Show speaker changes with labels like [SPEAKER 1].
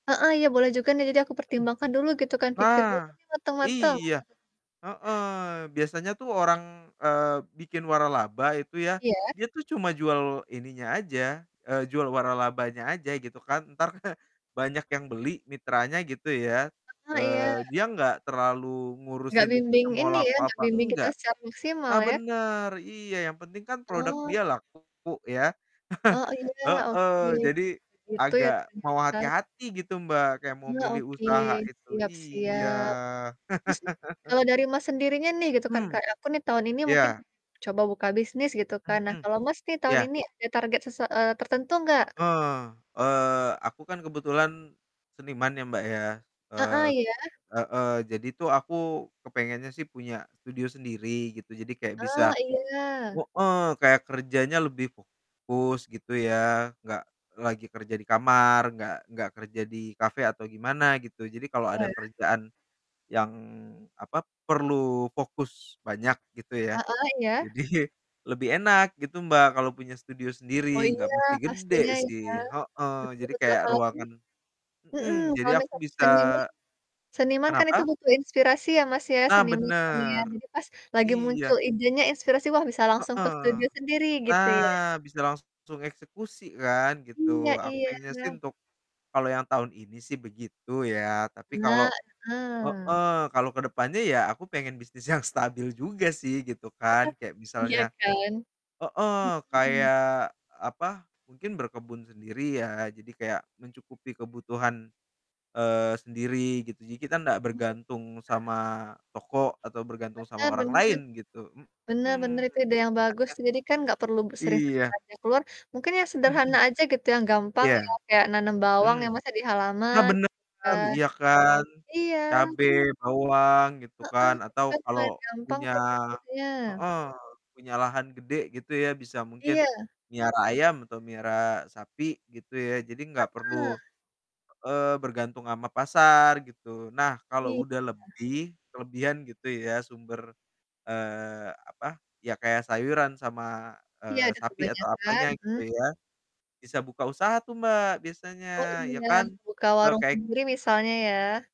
[SPEAKER 1] Heeh, iya boleh juga nih jadi aku
[SPEAKER 2] Mhm.
[SPEAKER 1] pertimbangkan dulu gitu kan, pikir dulu
[SPEAKER 2] Nah,
[SPEAKER 1] nih matang-matang.
[SPEAKER 2] iya.
[SPEAKER 1] Wah.
[SPEAKER 2] Heeh, biasanya tuh orang, eee, bikin waralaba, itu ya,
[SPEAKER 1] Iya.
[SPEAKER 2] dia tuh cuma jual ininya aja, eee, jual waralabanya aja, gitu kan. Ntar banyak yang beli mitranya gitu ya,
[SPEAKER 1] Heeh, iya.
[SPEAKER 2] eee, dia nggak terlalu
[SPEAKER 1] Nggak
[SPEAKER 2] ngurusin itu
[SPEAKER 1] bimbing
[SPEAKER 2] mau
[SPEAKER 1] ini
[SPEAKER 2] laku
[SPEAKER 1] ya, nggak
[SPEAKER 2] apa
[SPEAKER 1] bimbing kita
[SPEAKER 2] enggak.
[SPEAKER 1] secara maksimal
[SPEAKER 2] Nah
[SPEAKER 1] ya.
[SPEAKER 2] benar, iya yang penting kan produk
[SPEAKER 1] Oh.
[SPEAKER 2] dia laku ya,
[SPEAKER 1] Oh iya, oke.
[SPEAKER 2] heeh, jadi
[SPEAKER 1] Begitu ya
[SPEAKER 2] agak mau
[SPEAKER 1] ternyata.
[SPEAKER 2] hati-hati gitu Mbak, kayak mau
[SPEAKER 1] Iya,
[SPEAKER 2] milih
[SPEAKER 1] oke,
[SPEAKER 2] usaha itu
[SPEAKER 1] siap
[SPEAKER 2] iya.
[SPEAKER 1] siap. Terus nih, kalau dari Mas sendirinya nih gitu kan,
[SPEAKER 2] Mmm,
[SPEAKER 1] kayak aku nih tahun ini mungkin,
[SPEAKER 2] iya.
[SPEAKER 1] coba buka bisnis gitu kan? Nah
[SPEAKER 2] Mhm.
[SPEAKER 1] kalau Mas nih tahun
[SPEAKER 2] Iya.
[SPEAKER 1] ini ada target sesua eee, tertentu nggak?
[SPEAKER 2] Heeh, eee, aku kan kebetulan seniman ya, Mbak ya.
[SPEAKER 1] Heeh,
[SPEAKER 2] eee,
[SPEAKER 1] iya.
[SPEAKER 2] heeh. Jadi tuh aku, kepengennya sih punya studio sendiri gitu, jadi kayak bisa
[SPEAKER 1] Eee, iya.
[SPEAKER 2] heeh, kayak kerjanya lebih fokus gitu ya. Nggak lagi kerja di kamar, nggak nggak kerja di cafe atau gimana gitu. Jadi kalo ada
[SPEAKER 1] Iya.
[SPEAKER 2] kerjaan yang apa, perlu fokus banyak gitu ya,
[SPEAKER 1] Heeh, iya.
[SPEAKER 2] jadi lebih enak gitu Mbak kalo punya studio
[SPEAKER 1] Oh
[SPEAKER 2] sendiri, nggak
[SPEAKER 1] iya,
[SPEAKER 2] mesti gede
[SPEAKER 1] pastinya ya,
[SPEAKER 2] sih heeh.
[SPEAKER 1] betul
[SPEAKER 2] Jadi
[SPEAKER 1] betul.
[SPEAKER 2] kayak
[SPEAKER 1] Apalagi
[SPEAKER 2] ruangan
[SPEAKER 1] hmm,
[SPEAKER 2] hmm, jadi
[SPEAKER 1] kalau
[SPEAKER 2] aku
[SPEAKER 1] misalnya
[SPEAKER 2] bisa
[SPEAKER 1] seniman, seniman kan itu
[SPEAKER 2] kenapa?
[SPEAKER 1] butuh inspirasi ya, Mas ya,
[SPEAKER 2] Nah
[SPEAKER 1] seniman kan ya.
[SPEAKER 2] benar,
[SPEAKER 1] Jadi pas lagi
[SPEAKER 2] iya.
[SPEAKER 1] muncul idenya, inspirasi wah bisa langsung ke
[SPEAKER 2] Heeh,
[SPEAKER 1] studio sendiri, gitu ya.
[SPEAKER 2] nah bisa langsung eksekusi kan,
[SPEAKER 1] Iya
[SPEAKER 2] gitu. Aku
[SPEAKER 1] iya.
[SPEAKER 2] pengen sih untuk kalo yang tahun ini sih begitu ya, tapi
[SPEAKER 1] Nah,
[SPEAKER 2] kalo
[SPEAKER 1] heeh.
[SPEAKER 2] heeh, kalo kedepannya ya aku pengen bisnis yang stabil juga sih, gitu kan.
[SPEAKER 1] Heeh,
[SPEAKER 2] Kayak
[SPEAKER 1] iya
[SPEAKER 2] misalnya
[SPEAKER 1] kan?
[SPEAKER 2] heeh,
[SPEAKER 1] Hmm.
[SPEAKER 2] kayak, apa, mungkin berkebun sendiri ya, jadi kayak mencukupi kebutuhan, eee, sendiri gitu. Jadi kita ndak
[SPEAKER 1] Mau i
[SPEAKER 2] bergantung
[SPEAKER 1] bentar.
[SPEAKER 2] sama toko, atau bergantung sama
[SPEAKER 1] Benar
[SPEAKER 2] orang
[SPEAKER 1] benar,
[SPEAKER 2] lain gitu,
[SPEAKER 1] benar benar
[SPEAKER 2] mhm.
[SPEAKER 1] itu ide yang bagus. Jadi kan nggak perlu
[SPEAKER 2] [unintelligible]
[SPEAKER 1] sering-sering
[SPEAKER 2] Iya.
[SPEAKER 1] belanja keluar, mungkin yang
[SPEAKER 2] Mmm, mhm.
[SPEAKER 1] sederhana aja gitu, yang gampang
[SPEAKER 2] Iya,
[SPEAKER 1] ya, kayak nanam bawang
[SPEAKER 2] mhm,
[SPEAKER 1] ya Mas, ya di
[SPEAKER 2] nah
[SPEAKER 1] halaman,
[SPEAKER 2] benar,
[SPEAKER 1] kan,
[SPEAKER 2] iya kan
[SPEAKER 1] iya.
[SPEAKER 2] cabe, bawang gitu
[SPEAKER 1] Heeh,
[SPEAKER 2] kan,
[SPEAKER 1] itu
[SPEAKER 2] atau
[SPEAKER 1] kan
[SPEAKER 2] kalau
[SPEAKER 1] lumayan gampang
[SPEAKER 2] punya
[SPEAKER 1] tuh pupuknya.
[SPEAKER 2] heeh, punya lahan gede gitu ya, bisa mungkin
[SPEAKER 1] Iya.
[SPEAKER 2] melihara ayam atau melihara sapi, gitu. ya, jadi nggak perlu
[SPEAKER 1] Heeh.
[SPEAKER 2] heeh, bergantung sama pasar gitu. Nah kalo
[SPEAKER 1] Iya
[SPEAKER 2] udah
[SPEAKER 1] ya.
[SPEAKER 2] lebih, kelebihan gitu ya, sumber, eee, apa, ya kayak sayuran sama,
[SPEAKER 1] Iya
[SPEAKER 2] eee,
[SPEAKER 1] ada
[SPEAKER 2] sapi atau
[SPEAKER 1] kebanyakan,
[SPEAKER 2] apanya gitu
[SPEAKER 1] hmm.
[SPEAKER 2] ya bisa buka usaha tuh Mbak biasanya,
[SPEAKER 1] Oh
[SPEAKER 2] ya
[SPEAKER 1] iya,
[SPEAKER 2] kan.
[SPEAKER 1] buka
[SPEAKER 2] Kalo
[SPEAKER 1] warung
[SPEAKER 2] kek
[SPEAKER 1] sendiri misalnya ya.